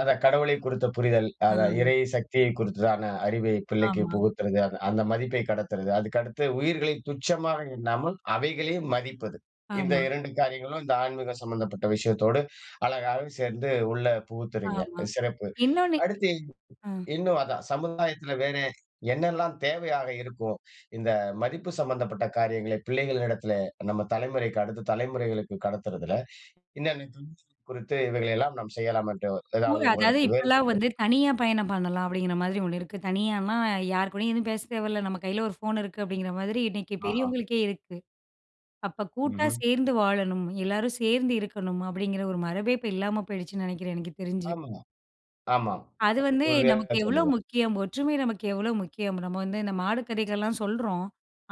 அதான், கடவுளை குறித்த புரிதல். அத ம். இறை சக்தியை குறித்ததான அறிவை பிள்ளைக்கு ஆமா. புகுத்துறது, அத அந்த மதிப்பை கடத்துறது, அதுக்கடுத்து உயிர்களை துச்சமாக எண்ணாமல் அவைகளையும் மதிப்பது. இந்த ஆமா. 2 காரியங்களும், இந்த ஆன்மீகம் சம்மந்தப்பட்ட விஷயத்தோடு, அழகாவே சேர்ந்து உள்ள புகுத்துறீங்க, ஆமா. சிறப்பு. இன்னொன்னு, அடுத்து ஆ, இன்னும் அதான், சமுதாயத்துல வேற என்னெல்லாம் தேவையாக இருக்கும்? இந்த மதிப்பு சம்பந்தப்பட்ட காரியங்களை, பிள்ளைகளிடத்திலே நம்ம தலமுறைக்கு, அடுத்த தலமுறைகளுக்கு கடத்துறதுல, இன்னன்னவற்றை குறித்து, இவைகள எல்லாம் நம்ம செய்யலாம் என்று ஏதாவது [unintelligible] அதாது உங்களிடத்தில் இப்பலாம் வேறுபட்டு வந்து தனியா பயணம் பண்ணலாம் அப்படிங்கிற மாரி 1 இருக்கு. தனியான்னா, யாருக்கூடையும் எதுவும் பேச தேவையில்ல. நம்ம கையில ஒரு ஃபோன் இருக்கு அப்படிங்கிற மாரி, இன்னக்கு ஆஹ. பெரியவங்களுக்கே இருக்கு. அப்போ கூட்டா ம்ஹ்ம். சேர்ந்து வாழணும், எல்லாரும் சேர்ந்து இருக்கணும், அப்படிங்கிற ஒரு மரபே இப்ப இல்லாம போயிடுச்சுன்னு நெனக்கிறேன், எனக்கு தெரிஞ்சு. ஆமங்க, ஆமா. அது அ வந்து உறுதியா நமக்கு எவ்வளோ சொல்லுவேன். முக்கியம், ஒற்றுமை நமக்கு எவ்வளோ முக்கியம், நம்ம வந்து இந்த மாடு கதைகள்லாம் சொல்றோம்,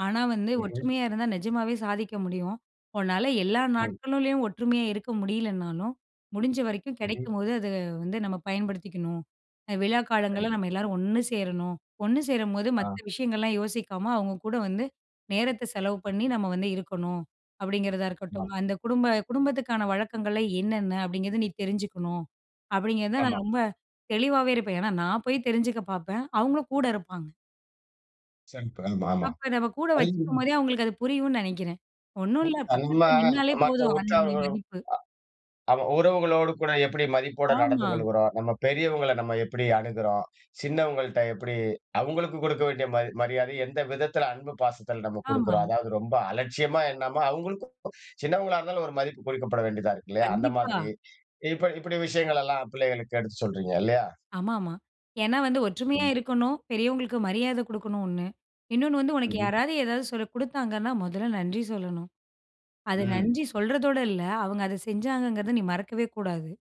ஆனா வந்து, ம்ஹ்ம். ஒற்றுமையா இருந்தா நிஜமாவே சாதிக்க முடியும். உன்னால எல்லா ம். நாட்களிலயும் ஒற்றுமையா இருக்க முடியலன்னாலும், முடிஞ்ச வரைக்கும் ம்ஹ்ம். கெடைக்கும்போது அத வந்து நம்ம பயன்படுத்திக்கணும், விழா காலங்கள்ல சரி. நம்ம எல்லாரும் ஒண்ணு சேரணும். ஒண்ணு சேரும்போது மத்த ஆ. விஷயங்கள்லாம் யோசிக்காம, அவுங்க கூட வந்து நேரத்தை செலவு பண்ணி நம்ம வந்து இருக்கணும், அப்படிங்கிறதா இருக்கட்டும், ஆம். அந்த குடும்ப குடும்பத்துக்கான வழக்கங்கள் என்னென்ன அப்படிங்கிறத நீ தெரிஞ்சுக்கணும் அப்படிங்கிறத நான் ஆமா. ரொம்ப தெளிவாவே இருப்பேன். ஏன்னா நான் போய் தெரிஞ்சுக்க பாப்பேன், அவுங்களும் கூட இருப்பாங்க. ஆமா. அப்ப நம்ம கூட வச்சுக்கும் [unintelligible] போதே, அவங்களுக்கு அது புரியும்னு நெனைக்கிறேன். ஒண்ணும் உ இல்ல நம்ம பக்கத்தில நின்னாலே மற்ற போதும் அதனுடைய உறவு மதிப்பு, அமா உறவுகளோடு கூட எப்படி மதிப்போட நடந்து ஆமா. கொள்கிறோம். நம்ம பெரியவங்கள நம்ம எப்படி அணுகுறோம். சின்னவங்கள்ட்ட எப்படி, அவுங்களுக்கு குடுக்க வேண்டிய மரி மரியாதைய எந்த விதத்தில, அன்பு பாசத்தில நம்ம ஆமா. குடுக்குறோம்? அதாது ரொம்ப அலட்சியமா எண்ணாம, அவுங்களுக்கும், சின்னவங்களா இருந்தாலும் ஒரு மதிப்பு கொடுக்கப்பட வேண்டியதா இருக்கு, இல்லயா! அந்த கண்டிப்பா. மாரி. இப்ப இப்படி விஷயங்களெல்லாம் பிள்ளைகளுக்கு எடுத்து சொல்றீங்க, இல்லயா! ஆமாமா. ஏன்னா வந்து ஒற்றுமையா ம். இருக்கணும், பெரியவங்களுக்கு மரியாதை குடுக்கணும் ஒண்ணு, இன்ணொன்னு வந்து உனக்கு ம்ஹம். யாராவது, ஏதாவது சொ குடுத்தாங்கன்னா, மொதல்ல நன்றி சொல்லணும். அத ம். நன்றி சொல்றதோட இல்ல, அவுங்க அத செஞ்சாங்கங்கிறத நீ மறக்கவே கூடாது.